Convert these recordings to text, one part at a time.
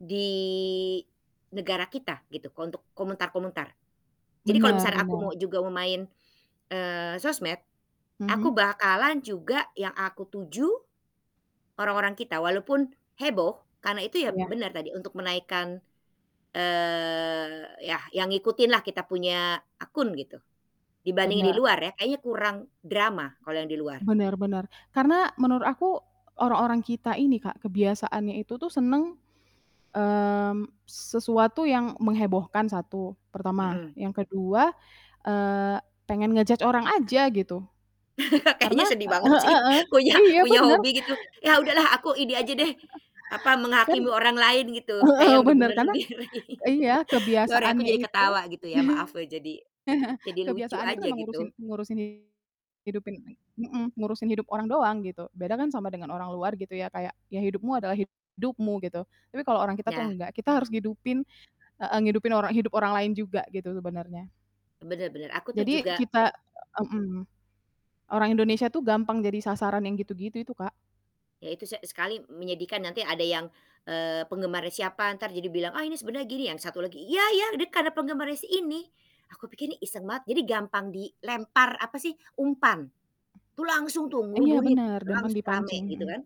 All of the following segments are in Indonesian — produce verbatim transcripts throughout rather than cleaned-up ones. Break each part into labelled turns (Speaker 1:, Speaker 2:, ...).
Speaker 1: Di negara kita gitu, untuk komentar-komentar. Jadi kalau
Speaker 2: Bener
Speaker 1: misalnya aku mau
Speaker 2: bener.
Speaker 1: juga mau main, eee, sosmed, aku
Speaker 2: Mhm.
Speaker 1: bakalan juga yang aku tuju orang-orang kita. Walaupun heboh karena itu ya,
Speaker 2: Iya.
Speaker 1: bener tadi untuk menaikkan, eee, yah yang ngikutin lah kita punya akun gitu, dibandingin di
Speaker 2: Bener.
Speaker 1: luar ya kayaknya kurang drama kalau yang di luar.
Speaker 2: Bener bener karena menurut aku, orang-orang kita ini Kak, kebiasaannya itu tuh seneng, mmm, sesuatu yang menghebohkan, satu, pertama.
Speaker 1: Mhm.
Speaker 2: Yang kedua, eee, pengen nge-judge orang aja gitu.
Speaker 1: Kayaknya
Speaker 2: Karena
Speaker 1: sedih banget
Speaker 2: he
Speaker 1: sih
Speaker 2: he heeh,
Speaker 1: punya
Speaker 2: iya
Speaker 1: punya
Speaker 2: bener,
Speaker 1: hobi gitu ya, udahlah aku ini aja deh, apa,
Speaker 2: kan,
Speaker 1: menghakimi
Speaker 2: e
Speaker 1: orang lain gitu, kayak
Speaker 2: heeh,
Speaker 1: yang udah
Speaker 2: bener
Speaker 1: bener
Speaker 2: karena,
Speaker 1: sendiri
Speaker 2: iya
Speaker 1: sorry aku
Speaker 2: kebiasaannya
Speaker 1: jadi
Speaker 2: itu
Speaker 1: ketawa gitu ya, maaf loh jadi jadi lucu
Speaker 2: kebiasaannya itu
Speaker 1: aja
Speaker 2: memang ngurusin
Speaker 1: gitu.
Speaker 2: ngurusin hidupin mhm, ngurusin hidup orang doang gitu. Beda kan sama dengan orang luar gitu ya. Kayak, ya hidupmu adalah hidupmu gitu, tapi kalau orang kita tuh
Speaker 1: Ya.
Speaker 2: nggak, kita harus hidupin heeh. Ngehidupin orang hidup orang lain juga gitu sebenarnya.
Speaker 1: Bener bener, aku tuh
Speaker 2: Jadi
Speaker 1: juga
Speaker 2: kita mhm orang Indonesia tuh gampang jadi sasaran yang gitu-gitu itu, Kak.
Speaker 1: Ya itu se sekali menyedihkan, nanti ada yang, eee, penggemarnya siapa ntar jadi bilang, "Ah ini sebenernya gini." Yang satu lagi, "Ya ya dia karena penggemarnya si ini." Aku pikir nih iseng banget, jadi gampang dilempar apa sih, umpan, tuh langsung tuh
Speaker 2: Iya
Speaker 1: ngerubunin,
Speaker 2: bener
Speaker 1: udah
Speaker 2: gampang
Speaker 1: langsung rame
Speaker 2: dipancing,
Speaker 1: gitu
Speaker 2: mhm.
Speaker 1: kan.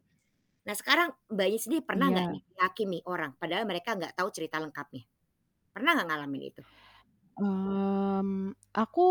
Speaker 1: Nah, sekarang Mbaknya sendiri pernah nggak
Speaker 2: Iya.
Speaker 1: nih ngehakimi orang, padahal mereka nggak tahu cerita lengkapnya? Pernah nggak ngalamin itu?
Speaker 2: Mmm, aku